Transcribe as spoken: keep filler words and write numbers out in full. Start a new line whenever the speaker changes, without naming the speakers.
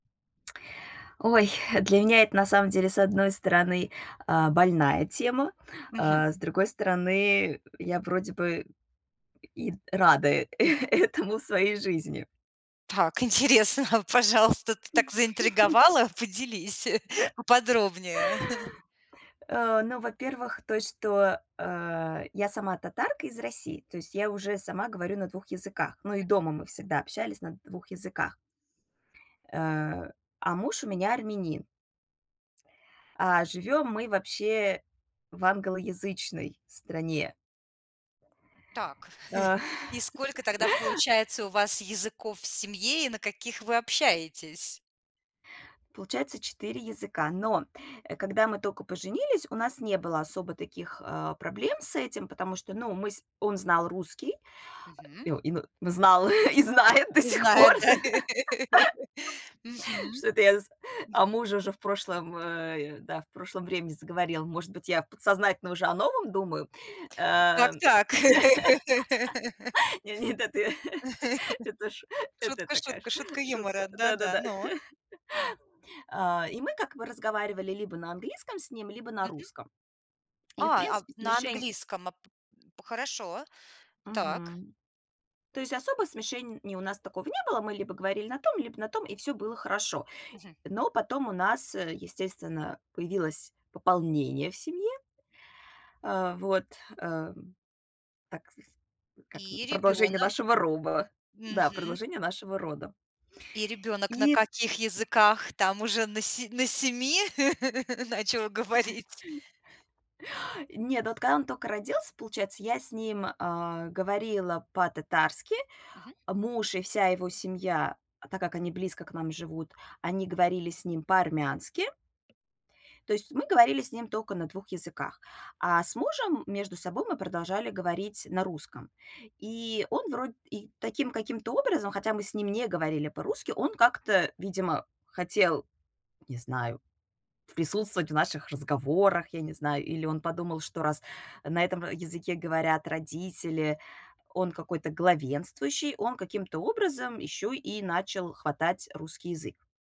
Ой, для меня это, на самом деле, с одной стороны, а, больная тема,
Мгм.
а с другой стороны, я вроде бы и т рада, э, этому в своей жизни.
Так, интересно, а пожалуйста. Ты так заинтриговала, поделись поподробнее.
А, ну, во-первых, той, что, а, я сама татарка из России. То есть я уже сама говорю на двух языках, но и
Да.
дома мы всегда общались на двух языках. Э, а муж у меня армянин. А
Мгм.
живём мы вообще в англоязычной стране.
Так,
Э.
и сколько тогда получается у вас языков в семье и на каких вы общаетесь?
Получается четыре языка. Но, а когда мы тока поженились, у нас не было особо таких, а, проблем с этим, потому что, ну, мы с он знал русский,
Мгм.
о и но знал и знает до
И
сих пор.
знает, да. Мгм.
Что это я з о
Мгм.
муже уже в прошлом, э, и, да, в прошлом времени заговорила. Может быть, я в подсознательно уже о новом думаю? Ам.
Так-так.
Не, нет, это я. Это ш это
Шутка,
такая
шутка,
ш
шутка юмора,
шутка.
да-да,
Да-да-да.
но
А, и мы как бы разговаривали либо на английском с ним, либо на
Мгм.
русском. И, в
А, а, в
принципе,
на
смешень
английском, а, п п хорошо. Так.
Мгм. То есть особо смешений у нас такого не было. Мы либо говорили на том, либо на том, и всё было хорошо.
Мгм.
Но потом у нас, э, естественно, появилось пополнение в семье. А вот, эм, так, с э, как, м,
И
продолжение
ребёнок.
нашего роба. Да,
Мгм.
продолжение нашего рода.
И ребёнок на
И
каких языках там уже на се на семи начал говорить?
Нет, вот когда он тока родился, получается, я с ним, а, говорила по-татарски.
Мгм.
Муж и вся его семья, так как они близко к нам живут, они говорили с ним по-армянски. То есть мы говорили с ним тока на двух языках, а с мужем между собой мы продолжали говорить на русском. И он вроде и таким каким-то образом, хотя мы с ним не говорили по-русски, он как-то, видимо, хотел, не знаю, присутствовать в наших разговорах, я не знаю. Или он подумал, что, раз на этом в языке говорят родители, он какой-то главенствующий, он каким-то образом еще и начал хватать русский язык.